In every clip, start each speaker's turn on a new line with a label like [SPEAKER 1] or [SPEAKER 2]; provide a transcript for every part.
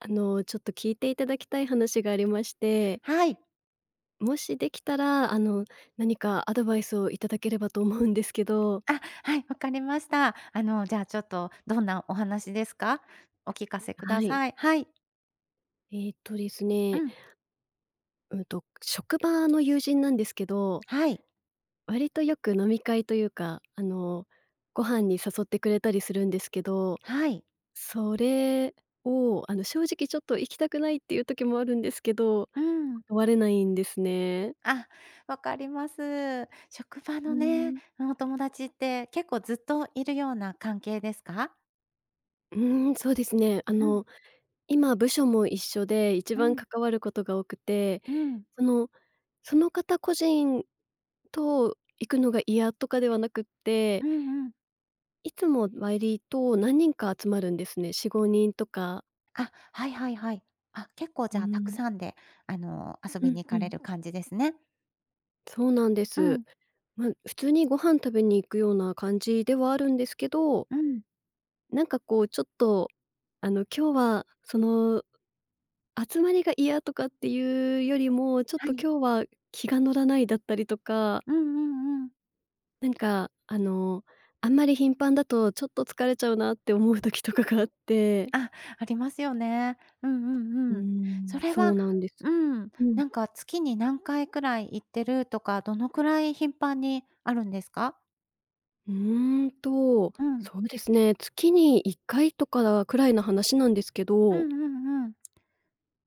[SPEAKER 1] あの、ちょっと聞いていただきたい話がありまして
[SPEAKER 2] はい。
[SPEAKER 1] もしできたら、あの、何かアドバイスをいただければと思うんですけど。
[SPEAKER 2] あ、はい、分かりました。あの、じゃあちょっと、どんなお話ですか？お聞かせく
[SPEAKER 1] は
[SPEAKER 2] だ
[SPEAKER 1] い。
[SPEAKER 2] さい、はい。
[SPEAKER 1] えっとです
[SPEAKER 2] う
[SPEAKER 1] ね
[SPEAKER 2] ん。
[SPEAKER 1] うんと、職場の友人なんですけど
[SPEAKER 2] はい。
[SPEAKER 1] 割とよく飲み会というか、あの、ご飯に誘ってくれたりするんですけど、
[SPEAKER 2] はい。
[SPEAKER 1] それをあの、正直ちょっと行きたくないっていう時もあるんですけど、
[SPEAKER 2] うん。
[SPEAKER 1] 断れないんですね。
[SPEAKER 2] あ、分かります。職場
[SPEAKER 1] う
[SPEAKER 2] の
[SPEAKER 1] ー
[SPEAKER 2] ね、
[SPEAKER 1] ん。
[SPEAKER 2] うん、お友達って結構ずっといるような関係ですか？
[SPEAKER 1] うーん、そうですね。あ
[SPEAKER 2] うん。
[SPEAKER 1] の、今部署も一緒で、一
[SPEAKER 2] う
[SPEAKER 1] 番
[SPEAKER 2] ん。
[SPEAKER 1] 関わることが多くて、
[SPEAKER 2] うん。
[SPEAKER 1] そのその方個人と行くのが嫌とかではなくっ
[SPEAKER 2] う
[SPEAKER 1] て
[SPEAKER 2] んうん。
[SPEAKER 1] いつも割と何人か集まるんですね、4、5人とか。
[SPEAKER 2] あ、はいはいはい。あ、結構、
[SPEAKER 1] うー
[SPEAKER 2] じゃあ、沢
[SPEAKER 1] ん。
[SPEAKER 2] 山であの、遊
[SPEAKER 1] う
[SPEAKER 2] び
[SPEAKER 1] ん
[SPEAKER 2] に行
[SPEAKER 1] う
[SPEAKER 2] かれ
[SPEAKER 1] ん。
[SPEAKER 2] る感じですね。
[SPEAKER 1] そうなんで
[SPEAKER 2] う
[SPEAKER 1] す。
[SPEAKER 2] ん。
[SPEAKER 1] ま、普通にご飯食べに行くような感じではあるんですけど
[SPEAKER 2] うん。
[SPEAKER 1] なんかこうちょっと、あの、今日はその集まりが嫌とかっていうよりも、ちょっ
[SPEAKER 2] は
[SPEAKER 1] と
[SPEAKER 2] い。
[SPEAKER 1] 今日は気が乗らないだったりとか
[SPEAKER 2] うんうんうん。
[SPEAKER 1] なんか、あの、あんまり頻繁だと、ちょっと疲れちゃうなって思う時とかがあって。
[SPEAKER 2] あ、ありますよね。うんうん
[SPEAKER 1] うー
[SPEAKER 2] うん。そ
[SPEAKER 1] ん、
[SPEAKER 2] れ
[SPEAKER 1] そ
[SPEAKER 2] は
[SPEAKER 1] うなんです。
[SPEAKER 2] うん、
[SPEAKER 1] うん。
[SPEAKER 2] なんか月に何回くらい行ってるとか、どのくらい頻繁にあるんですか？
[SPEAKER 1] うーんと、
[SPEAKER 2] うん。
[SPEAKER 1] そうですね、月に1回とかくらいの話なんですけ
[SPEAKER 2] う
[SPEAKER 1] ど。
[SPEAKER 2] んうんうん。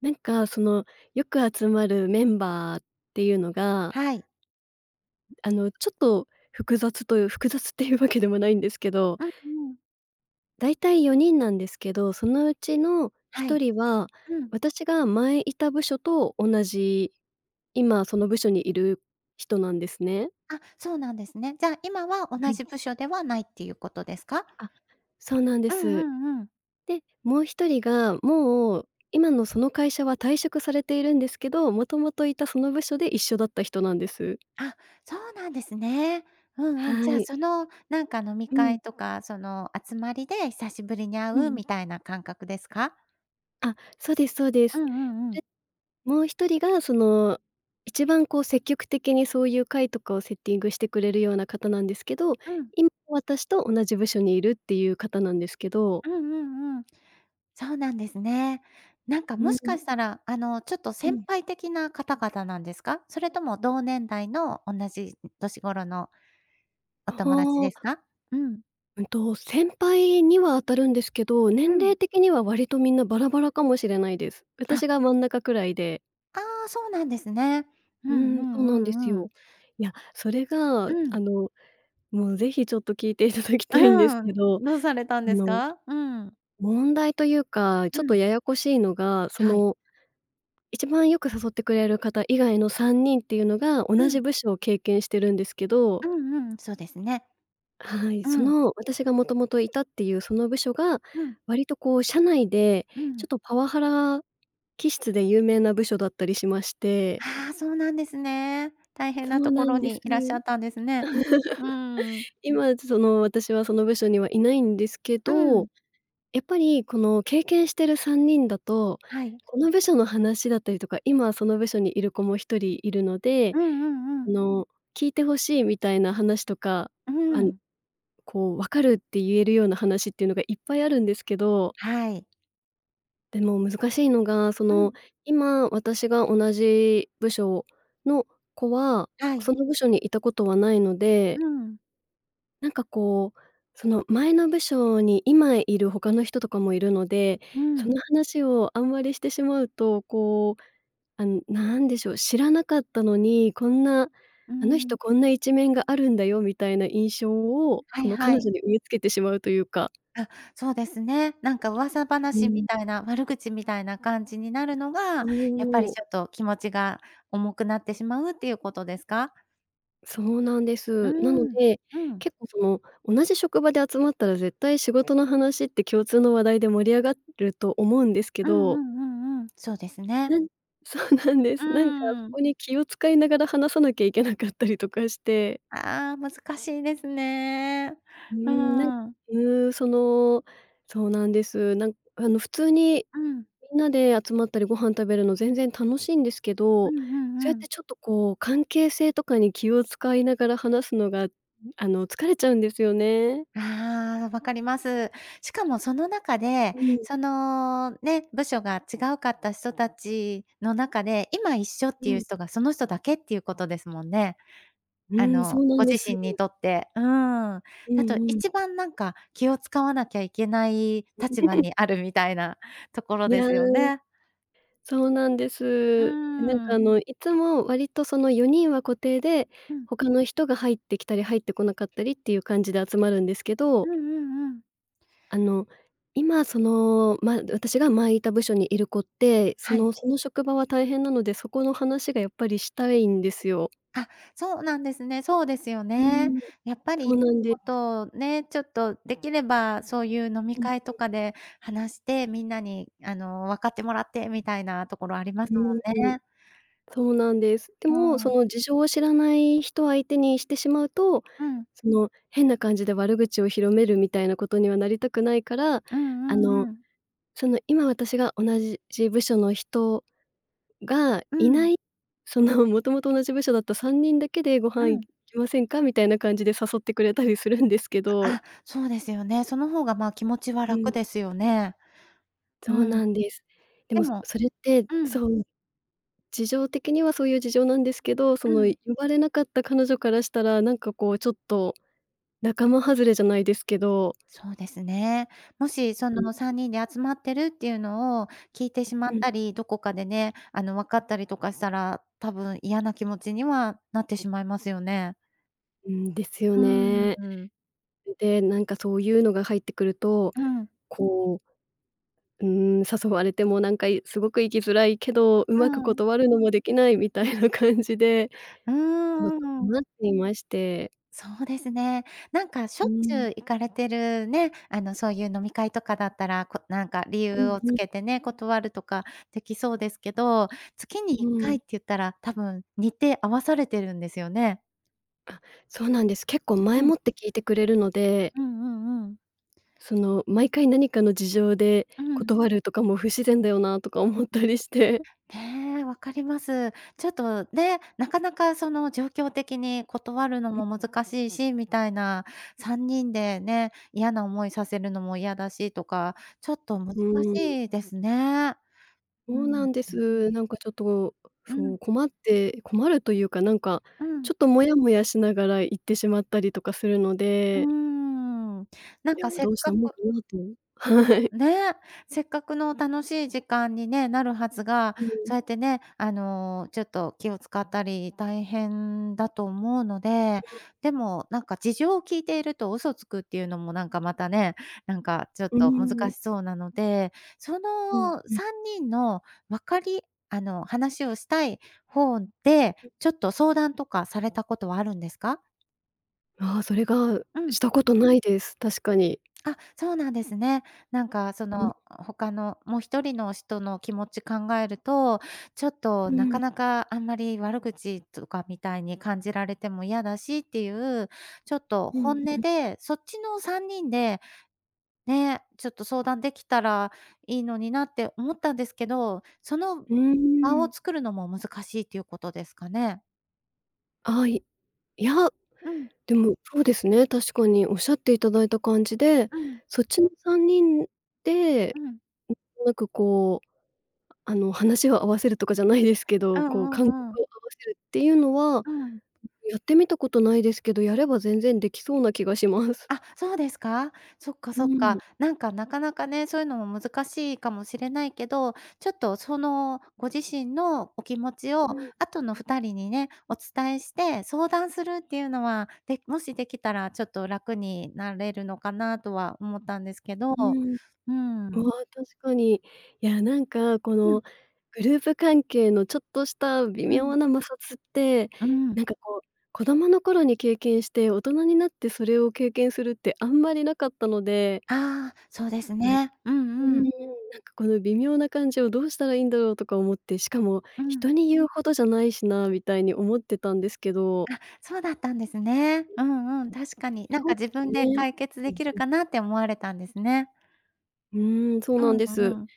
[SPEAKER 1] なんか、その、よく集まるメンバーっていうのが
[SPEAKER 2] はい。
[SPEAKER 1] あの、ちょっと複雑という複雑っていうわけでもないんですけど。
[SPEAKER 2] うんうん。
[SPEAKER 1] 大体4人なんですけど、そのうちのひ
[SPEAKER 2] は
[SPEAKER 1] と
[SPEAKER 2] い。
[SPEAKER 1] りは、
[SPEAKER 2] うん。
[SPEAKER 1] 私が前いた部署と同じ今その部署にいる人なんですね。
[SPEAKER 2] あ、そうなんですね。じゃあ、今は、
[SPEAKER 1] は
[SPEAKER 2] 同
[SPEAKER 1] い。
[SPEAKER 2] じ部署ではないっていうことですか？
[SPEAKER 1] あ、そうなんで
[SPEAKER 2] うんう
[SPEAKER 1] す。
[SPEAKER 2] んうん。
[SPEAKER 1] で、もう1人が、もう今のその会社は退職されているんですけど、もともといたその部署で一緒だった人なんです。
[SPEAKER 2] あ、そうなんですね。うんうん。
[SPEAKER 1] は
[SPEAKER 2] じゃあ、
[SPEAKER 1] い。
[SPEAKER 2] その、なんか飲み
[SPEAKER 1] う
[SPEAKER 2] 会
[SPEAKER 1] ん。
[SPEAKER 2] とか、その集まりで久しぶりに会
[SPEAKER 1] う
[SPEAKER 2] う
[SPEAKER 1] ん。
[SPEAKER 2] みたいな感覚ですか？
[SPEAKER 1] あ、そうですそうで
[SPEAKER 2] う
[SPEAKER 1] す。
[SPEAKER 2] んうんうん。
[SPEAKER 1] で、もう一人が、その、一番こう、積極的にそういう会とかをセッティングしてくれるような方なんですけど、
[SPEAKER 2] うん。
[SPEAKER 1] いま私と同じ部署にいるっていう方なんですけど
[SPEAKER 2] うんうんうん。そうなんですね。なんか、
[SPEAKER 1] う
[SPEAKER 2] もしか
[SPEAKER 1] ん。
[SPEAKER 2] したら、あの、ちょっと
[SPEAKER 1] う
[SPEAKER 2] 先
[SPEAKER 1] ん。
[SPEAKER 2] 輩的な方々なんですか？それとも、同年代の同じ年頃の、お
[SPEAKER 1] あ
[SPEAKER 2] 友達で
[SPEAKER 1] あ。
[SPEAKER 2] すか？うん。
[SPEAKER 1] うんと、先輩には当たるんですけど、
[SPEAKER 2] う
[SPEAKER 1] 年
[SPEAKER 2] ん。
[SPEAKER 1] 齢的には割と、みんなバラバラかもしれないです。私
[SPEAKER 2] あ。
[SPEAKER 1] が真ん中くらいで。
[SPEAKER 2] ああ、そうなんですね。うん
[SPEAKER 1] う
[SPEAKER 2] うん
[SPEAKER 1] ん、そうなんで
[SPEAKER 2] う
[SPEAKER 1] す
[SPEAKER 2] んう
[SPEAKER 1] よ。
[SPEAKER 2] ん。
[SPEAKER 1] いや、それが、
[SPEAKER 2] う
[SPEAKER 1] あ
[SPEAKER 2] ん。
[SPEAKER 1] の、もう、ぜひちょっと聞いていただきたいんです
[SPEAKER 2] う
[SPEAKER 1] け
[SPEAKER 2] ん、
[SPEAKER 1] ど、あ
[SPEAKER 2] どうされたんです
[SPEAKER 1] の、
[SPEAKER 2] か？うん。
[SPEAKER 1] 問題というか、
[SPEAKER 2] う
[SPEAKER 1] ちょっと
[SPEAKER 2] ん。
[SPEAKER 1] ややこしいのが、そ
[SPEAKER 2] はい。
[SPEAKER 1] の、一番よく誘ってくれる方以外の3人っていうのが、同
[SPEAKER 2] う
[SPEAKER 1] じ
[SPEAKER 2] ん。
[SPEAKER 1] 部署を経験してるんですけど
[SPEAKER 2] うんうん、そうですね。
[SPEAKER 1] はい、
[SPEAKER 2] う
[SPEAKER 1] そ
[SPEAKER 2] ん。
[SPEAKER 1] の、私がもともといたっていう、その部署が、
[SPEAKER 2] うん。
[SPEAKER 1] 割とこう、社内で
[SPEAKER 2] う
[SPEAKER 1] ちょ
[SPEAKER 2] ん。
[SPEAKER 1] っとパワハラ気質で有名な部署だったりしまして
[SPEAKER 2] ああ、そうなんですね。大変
[SPEAKER 1] そ
[SPEAKER 2] な
[SPEAKER 1] う
[SPEAKER 2] と
[SPEAKER 1] な
[SPEAKER 2] こ
[SPEAKER 1] ん
[SPEAKER 2] ろ
[SPEAKER 1] です。
[SPEAKER 2] にいらっしゃ ったんですね。うん。
[SPEAKER 1] 今、ちょその、私はその部署にはいないんですけ
[SPEAKER 2] う
[SPEAKER 1] ど、
[SPEAKER 2] ん。
[SPEAKER 1] やっぱりこの、経験してる3人だと、
[SPEAKER 2] はい。
[SPEAKER 1] この部署の話だったりとか、今その部署にいる子も1人いるので、
[SPEAKER 2] うんうんう
[SPEAKER 1] あ
[SPEAKER 2] ん。
[SPEAKER 1] の、聞いてほしいみたいな話とか、
[SPEAKER 2] う
[SPEAKER 1] あん
[SPEAKER 2] ん。
[SPEAKER 1] こう、「分かる」って言えるような話っていうのがいっぱいあるんですけど
[SPEAKER 2] はい。
[SPEAKER 1] でも、難しいのが、そ
[SPEAKER 2] うん。
[SPEAKER 1] の、今私が同じ部署の子は
[SPEAKER 2] はい。
[SPEAKER 1] その部署にいたことはないの
[SPEAKER 2] う
[SPEAKER 1] で
[SPEAKER 2] ーん。
[SPEAKER 1] なんか、こう、その、前の部署に今いる他の人とかもいるので、
[SPEAKER 2] うー
[SPEAKER 1] その
[SPEAKER 2] ん。
[SPEAKER 1] 話をあんまりしてしまうと、こう、あの、なんでしょう、知らなかったのに、こんな、
[SPEAKER 2] うー
[SPEAKER 1] あの
[SPEAKER 2] ん。
[SPEAKER 1] 人こんな一面があるんだよみたいな印象を
[SPEAKER 2] は
[SPEAKER 1] そ
[SPEAKER 2] い
[SPEAKER 1] の
[SPEAKER 2] は
[SPEAKER 1] 彼
[SPEAKER 2] い。
[SPEAKER 1] 女に植え付けてしまうというか。
[SPEAKER 2] あ、そうですね。なんか、噂
[SPEAKER 1] う
[SPEAKER 2] 話
[SPEAKER 1] ー
[SPEAKER 2] み
[SPEAKER 1] ん。
[SPEAKER 2] たいな悪口みたいな感じになるの
[SPEAKER 1] そ
[SPEAKER 2] が、やっぱり、
[SPEAKER 1] お。
[SPEAKER 2] ちょっと、気持ちが重くなってしまうっていうことですか？
[SPEAKER 1] そうなんで
[SPEAKER 2] うー
[SPEAKER 1] す。なの
[SPEAKER 2] ん、
[SPEAKER 1] で、
[SPEAKER 2] うん。
[SPEAKER 1] 結構、その、同じ職場で集まったら絶対仕事の話って共通の話題で盛り上がると思うんですけ
[SPEAKER 2] うんう
[SPEAKER 1] ど。
[SPEAKER 2] んうんうん、そうですね。
[SPEAKER 1] うん、そうなんで
[SPEAKER 2] うー
[SPEAKER 1] す。なんか、そ
[SPEAKER 2] ん。
[SPEAKER 1] こに気を使いながら話さなきゃいけなかったりとかして。
[SPEAKER 2] ああ、難しいですね。
[SPEAKER 1] う
[SPEAKER 2] う
[SPEAKER 1] ん、なん
[SPEAKER 2] ーん。
[SPEAKER 1] うん、その、そうなんです。なんあの、普通に
[SPEAKER 2] うん。
[SPEAKER 1] みんなで集まったりご飯食べるの全然楽しいんですけ
[SPEAKER 2] う
[SPEAKER 1] ど、
[SPEAKER 2] んう
[SPEAKER 1] そう
[SPEAKER 2] ん
[SPEAKER 1] やっ
[SPEAKER 2] うん。
[SPEAKER 1] て、ちょっと、こう、関係性とかに気を使いながら話すのが、あの、疲れちゃうんですよね。
[SPEAKER 2] ああ、わかります。しかも、その中で、
[SPEAKER 1] うん。
[SPEAKER 2] その、ね、部署が違うかった人たちの中で今一緒って
[SPEAKER 1] う
[SPEAKER 2] いう
[SPEAKER 1] ん。
[SPEAKER 2] 人がその人だけっていうことですもんね。
[SPEAKER 1] う
[SPEAKER 2] あ
[SPEAKER 1] ん、そ
[SPEAKER 2] の、
[SPEAKER 1] うな
[SPEAKER 2] ご
[SPEAKER 1] んで
[SPEAKER 2] 自
[SPEAKER 1] す。
[SPEAKER 2] 身にとって、うん、
[SPEAKER 1] う
[SPEAKER 2] だと
[SPEAKER 1] んうん。
[SPEAKER 2] 一番なんか、気を使わなきゃいけない立場に あるみたいなところ
[SPEAKER 1] い
[SPEAKER 2] で
[SPEAKER 1] や、
[SPEAKER 2] すよね。
[SPEAKER 1] そうなんで
[SPEAKER 2] う
[SPEAKER 1] す。なん
[SPEAKER 2] ー
[SPEAKER 1] か、あ
[SPEAKER 2] ん。
[SPEAKER 1] の、いつも割とその4人は固定で、
[SPEAKER 2] うん。
[SPEAKER 1] 他の人が入ってきたり入ってこなかったりっていう感じで集まるんですけ
[SPEAKER 2] う
[SPEAKER 1] ど。
[SPEAKER 2] んうんうん。
[SPEAKER 1] あの、今、その、ま私が前いた部署にいる子って、そ
[SPEAKER 2] は
[SPEAKER 1] の
[SPEAKER 2] い。
[SPEAKER 1] その職場は大変なので、そこの話がやっぱりしたいんですよ。
[SPEAKER 2] あ、そうなんですね。そうですよ
[SPEAKER 1] うー
[SPEAKER 2] ね。
[SPEAKER 1] ん、
[SPEAKER 2] やっぱ
[SPEAKER 1] そ
[SPEAKER 2] り、
[SPEAKER 1] うなんで
[SPEAKER 2] ほ
[SPEAKER 1] す。
[SPEAKER 2] んとね、ちょっと、できればそういう飲み
[SPEAKER 1] うんうん。
[SPEAKER 2] 会とかで話してみんなに、あの、分かってもらってみたいなところありま
[SPEAKER 1] う
[SPEAKER 2] すも
[SPEAKER 1] ー
[SPEAKER 2] ん
[SPEAKER 1] ん。
[SPEAKER 2] ね。
[SPEAKER 1] そうなんです。で
[SPEAKER 2] う
[SPEAKER 1] も、
[SPEAKER 2] ー
[SPEAKER 1] そ
[SPEAKER 2] ん。
[SPEAKER 1] の、事情を知らない人を相手にしてしまうと、
[SPEAKER 2] うん。
[SPEAKER 1] その、変な感じで悪口を広めるみたいなことにはなりたくないから、
[SPEAKER 2] うん
[SPEAKER 1] あ
[SPEAKER 2] うん
[SPEAKER 1] の、
[SPEAKER 2] うん。
[SPEAKER 1] その、今私が同じじ部署の人が
[SPEAKER 2] う
[SPEAKER 1] いな
[SPEAKER 2] ん。
[SPEAKER 1] い、その、「もともと同じ部署だった3人だけでご
[SPEAKER 2] う
[SPEAKER 1] 飯行
[SPEAKER 2] ん。
[SPEAKER 1] きませんか？」みたいな感じで誘ってくれたりするんですけど。
[SPEAKER 2] あ、そうですよね。その方が、ま、気持ちは
[SPEAKER 1] うん。
[SPEAKER 2] 楽ですよね。う
[SPEAKER 1] そう
[SPEAKER 2] ん。
[SPEAKER 1] なんです。で
[SPEAKER 2] で
[SPEAKER 1] も、そ
[SPEAKER 2] も
[SPEAKER 1] それって、
[SPEAKER 2] うん。
[SPEAKER 1] そう。事情的にはそういう事情なんですけど、そ
[SPEAKER 2] う
[SPEAKER 1] の、
[SPEAKER 2] ん。
[SPEAKER 1] 呼ばれなかった彼女からしたら、なんか、こう、ちょっと、仲間外れじゃないですけど。
[SPEAKER 2] そうですね。もし、そ
[SPEAKER 1] うん。
[SPEAKER 2] の3人で集まってるっていうのを聞いてしまっ
[SPEAKER 1] うん。
[SPEAKER 2] たり、どこかでね、あの、分かったりとかしたら、多分嫌な気持ちにはなってしまいますよね。
[SPEAKER 1] うーん、ですよ
[SPEAKER 2] う
[SPEAKER 1] ね。
[SPEAKER 2] ーん。
[SPEAKER 1] で、なんかそういうのが入ってくると、
[SPEAKER 2] うん。
[SPEAKER 1] こううーん、誘われてもなんかいすごく行きづらいけど、
[SPEAKER 2] う
[SPEAKER 1] 上手く
[SPEAKER 2] ん。
[SPEAKER 1] 断るのもできない、みたいな感じで、
[SPEAKER 2] う
[SPEAKER 1] ちょっと
[SPEAKER 2] ーん。
[SPEAKER 1] 困っていまして。
[SPEAKER 2] そうですね。なんかし
[SPEAKER 1] う
[SPEAKER 2] ょ
[SPEAKER 1] ー
[SPEAKER 2] っち
[SPEAKER 1] ん。
[SPEAKER 2] ゅう行かれてるね、あの、そういう飲み会とかだったら、こうなんか理
[SPEAKER 1] う
[SPEAKER 2] 由
[SPEAKER 1] ん
[SPEAKER 2] を
[SPEAKER 1] う
[SPEAKER 2] つ
[SPEAKER 1] ん。
[SPEAKER 2] けてね、断るとかできそうですけど、月にい
[SPEAKER 1] う
[SPEAKER 2] っかい
[SPEAKER 1] ん。
[SPEAKER 2] って言ったら多分日程合わされてるんですよね？
[SPEAKER 1] あ、そうなんです。結構前
[SPEAKER 2] うん。
[SPEAKER 1] もって聞いてくれるので
[SPEAKER 2] うんうんうん。
[SPEAKER 1] その、毎回何かの事情で
[SPEAKER 2] うん。
[SPEAKER 1] 断るとかも不自然だよなとか思ったりして。
[SPEAKER 2] ね、分かります。ちょっとね、なかなかその状況的に断るの
[SPEAKER 1] うん。
[SPEAKER 2] も難しいし、みたいな3人でね、嫌な思いさせるのも嫌だしとか、ちょっと難
[SPEAKER 1] うーん。
[SPEAKER 2] しいですね。うー
[SPEAKER 1] そうなんで
[SPEAKER 2] ん。
[SPEAKER 1] す。なんかちょっと、
[SPEAKER 2] う
[SPEAKER 1] そ
[SPEAKER 2] ん。
[SPEAKER 1] う、困って困るというかなんか、
[SPEAKER 2] う
[SPEAKER 1] ち
[SPEAKER 2] ん。
[SPEAKER 1] ょっとモヤモヤしながら、行ってしまったりとかするの
[SPEAKER 2] うー
[SPEAKER 1] で
[SPEAKER 2] ん、な
[SPEAKER 1] い
[SPEAKER 2] ん
[SPEAKER 1] や、
[SPEAKER 2] か、せっ
[SPEAKER 1] どうし
[SPEAKER 2] か
[SPEAKER 1] たもん
[SPEAKER 2] く
[SPEAKER 1] かなと。はい。
[SPEAKER 2] ね、せっかくの楽しい時間にね、なるはずが、
[SPEAKER 1] うーん。
[SPEAKER 2] そうやってね、あの、ちょっと気を遣ったり、大変だと思うので。でも、なんか事情を聞いていると嘘つくっていうのもなんか、またね、なんかちょっ
[SPEAKER 1] うー
[SPEAKER 2] と難
[SPEAKER 1] ん。
[SPEAKER 2] しそうなので、そ
[SPEAKER 1] うん
[SPEAKER 2] の
[SPEAKER 1] うん。
[SPEAKER 2] 3人の分かりあの、話をしたい方でちょっと相談とかされたことはあるんですか？
[SPEAKER 1] ああ、それが、
[SPEAKER 2] うん。
[SPEAKER 1] したことないです、確かに。
[SPEAKER 2] あ、そうなんですね。なんかそ
[SPEAKER 1] うん。
[SPEAKER 2] の、ほかのもう1人の人の気持ち考えると、ちょっ
[SPEAKER 1] う
[SPEAKER 2] となか
[SPEAKER 1] ん。
[SPEAKER 2] なか、あんまり悪口とかみたいに感じられても嫌だしっていう、ちょっと
[SPEAKER 1] う
[SPEAKER 2] 本
[SPEAKER 1] ん
[SPEAKER 2] 音
[SPEAKER 1] うん。
[SPEAKER 2] でそっちの3人で、ね、ちょっと相談できたらいいのになって思ったんですけど、その
[SPEAKER 1] うー
[SPEAKER 2] 場を
[SPEAKER 1] ん。
[SPEAKER 2] 作るのも難しいということですかね？
[SPEAKER 1] ああ、いいや、
[SPEAKER 2] うん。
[SPEAKER 1] でもそうですね、確かにおっしゃっていただいた感じで、
[SPEAKER 2] うん。
[SPEAKER 1] そっちの3人で、
[SPEAKER 2] うん。
[SPEAKER 1] うーん、なんかこう、あの、話を合わせるとかじゃないですけ
[SPEAKER 2] う
[SPEAKER 1] ど、
[SPEAKER 2] ん
[SPEAKER 1] こう
[SPEAKER 2] う
[SPEAKER 1] 感覚
[SPEAKER 2] んうん。
[SPEAKER 1] を合わせるっていうのは、
[SPEAKER 2] うん。
[SPEAKER 1] やってみたことないですけど、やれば全然できそうな気がします。
[SPEAKER 2] あ、そうですか？そっかそ
[SPEAKER 1] う
[SPEAKER 2] っか、
[SPEAKER 1] ん。
[SPEAKER 2] なんかなかなかね、そういうのも難しいかもしれないけど、ちょっとそのご自身のお気持ちを
[SPEAKER 1] うん。
[SPEAKER 2] あとの2人にね、お伝えして相談するっていうのは、で、もしできたらちょっと楽になれるのかなとは思ったんですけど、
[SPEAKER 1] うん。
[SPEAKER 2] う
[SPEAKER 1] あ
[SPEAKER 2] ん。
[SPEAKER 1] あ、確かに。いや、なんかこ
[SPEAKER 2] う
[SPEAKER 1] の
[SPEAKER 2] ん。
[SPEAKER 1] グループ関係のちょっとした微
[SPEAKER 2] うん。
[SPEAKER 1] 妙な摩擦って、
[SPEAKER 2] うん。
[SPEAKER 1] なんかこう、子供の頃に経験して、大人になってそれを経験するってあんまりなかったので
[SPEAKER 2] ああ、そうです
[SPEAKER 1] ね、
[SPEAKER 2] ね。う
[SPEAKER 1] うん
[SPEAKER 2] ん
[SPEAKER 1] う
[SPEAKER 2] う
[SPEAKER 1] ん、
[SPEAKER 2] ん。
[SPEAKER 1] なんかこの微妙な感じをどうしたらいいんだろうとか思って、しかも、
[SPEAKER 2] う
[SPEAKER 1] 人
[SPEAKER 2] ん。
[SPEAKER 1] に言うほどじゃないしなみたいに思ってたんですけど。
[SPEAKER 2] あ、そうだったんですね。うんうん、確かになん
[SPEAKER 1] そ
[SPEAKER 2] か、
[SPEAKER 1] うで
[SPEAKER 2] 自
[SPEAKER 1] す
[SPEAKER 2] 分で
[SPEAKER 1] ね。
[SPEAKER 2] 解決
[SPEAKER 1] う
[SPEAKER 2] で
[SPEAKER 1] ん
[SPEAKER 2] きる
[SPEAKER 1] うん。
[SPEAKER 2] かなって思われたんですね。
[SPEAKER 1] うーん、そう
[SPEAKER 2] う
[SPEAKER 1] なんです。
[SPEAKER 2] ん、ううん。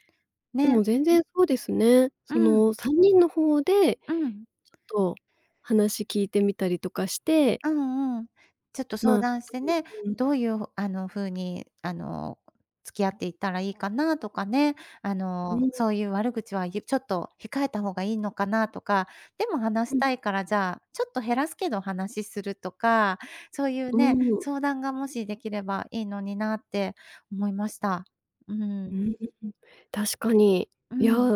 [SPEAKER 1] で
[SPEAKER 2] ね。
[SPEAKER 1] も全然そうですね。
[SPEAKER 2] う
[SPEAKER 1] そ
[SPEAKER 2] ん。
[SPEAKER 1] の3人の方で
[SPEAKER 2] うん。
[SPEAKER 1] ちょっと話聞いてみたりとかして
[SPEAKER 2] あん、うん、ちょっと
[SPEAKER 1] ま
[SPEAKER 2] 相
[SPEAKER 1] あ、と
[SPEAKER 2] 談してね、
[SPEAKER 1] うんうん。
[SPEAKER 2] どういうあの風にあの付き合っていったらいいかなとかね、あ
[SPEAKER 1] う
[SPEAKER 2] の、
[SPEAKER 1] ーん。
[SPEAKER 2] そういう悪口は、ゆちょっと控えた方がいいのかなとか、でも話し
[SPEAKER 1] うん。
[SPEAKER 2] たいからじゃあちょっと減らすけど話しするとか、そういう
[SPEAKER 1] う
[SPEAKER 2] ね、
[SPEAKER 1] ーん。
[SPEAKER 2] 相談がもしできればいいのになって思いました。うー
[SPEAKER 1] う
[SPEAKER 2] ん。
[SPEAKER 1] ーん、確かに。
[SPEAKER 2] う
[SPEAKER 1] いや、
[SPEAKER 2] ん。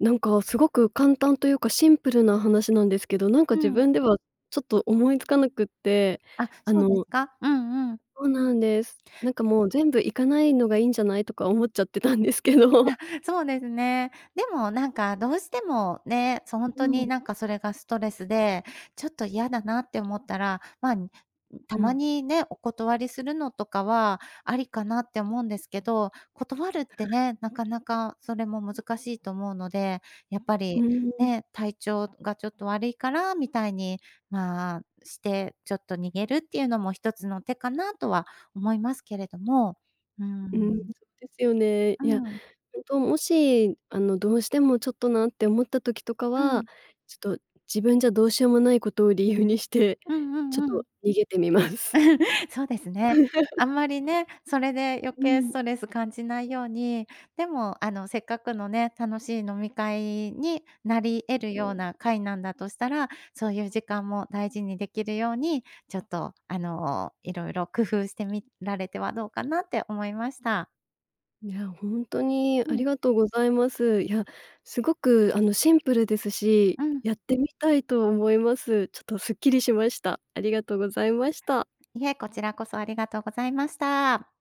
[SPEAKER 1] なんかすごく簡単というかシンプルな話なんですけど、なんか
[SPEAKER 2] う
[SPEAKER 1] 自
[SPEAKER 2] ん。
[SPEAKER 1] 分ではちょっと思いつかなくって、
[SPEAKER 2] あ、
[SPEAKER 1] あ
[SPEAKER 2] そうです
[SPEAKER 1] の
[SPEAKER 2] か？うんうん。
[SPEAKER 1] そうなんです。なんかもう全部行かないのがいいんじゃないとか思っちゃってたんですけど。
[SPEAKER 2] あ、そうですね。でもなんかどうしてもね、そ、ホン
[SPEAKER 1] う
[SPEAKER 2] ト
[SPEAKER 1] ーん。
[SPEAKER 2] になんかそれがストレスでちょっと嫌だなって思ったら、まあ、ん、た
[SPEAKER 1] う
[SPEAKER 2] ま
[SPEAKER 1] ん。
[SPEAKER 2] にね、お断りするのとかはありかなって思うんですけど、断るっ
[SPEAKER 1] あ、
[SPEAKER 2] て
[SPEAKER 1] はい。
[SPEAKER 2] ね、なかなかそれも難しいと思うので、やっぱ
[SPEAKER 1] う
[SPEAKER 2] り
[SPEAKER 1] ーん。
[SPEAKER 2] ね、体調がちょっと悪いからみたいに、まあ、してちょっと逃げるっていうのも一つの手かなとは思いますけれども。うー
[SPEAKER 1] ううん、そ
[SPEAKER 2] ん。
[SPEAKER 1] うですよね。
[SPEAKER 2] う
[SPEAKER 1] いや、
[SPEAKER 2] ん。
[SPEAKER 1] 本当もし、あの、どうしてもちょっとなって思った時とか
[SPEAKER 2] う
[SPEAKER 1] は、
[SPEAKER 2] ん。
[SPEAKER 1] ちょっと自分じゃどうしようもないことを理由にして、
[SPEAKER 2] うんう
[SPEAKER 1] ちょっ
[SPEAKER 2] んうん。
[SPEAKER 1] と逃げてみます。
[SPEAKER 2] そうですね。あんまりね、それで 余
[SPEAKER 1] うー
[SPEAKER 2] 計ス
[SPEAKER 1] ん。
[SPEAKER 2] トレス感じないように、でも、あのせっかくのね、楽しい飲み会になり得る
[SPEAKER 1] う
[SPEAKER 2] よう
[SPEAKER 1] ん。
[SPEAKER 2] な会なんだとしたら、そういう時間も大事にできるようにちょっとあの、いろいろ工夫してみられてはどうかなって思いました。
[SPEAKER 1] いや、ほんとに
[SPEAKER 2] う
[SPEAKER 1] あり
[SPEAKER 2] ん。
[SPEAKER 1] がとうございます。いや、すごくあのシンプルですし、
[SPEAKER 2] うん。
[SPEAKER 1] やってみたいと思います。ちょっとスッキリしました。ありがとうございました。
[SPEAKER 2] いえ、こちらこそありがとうございました。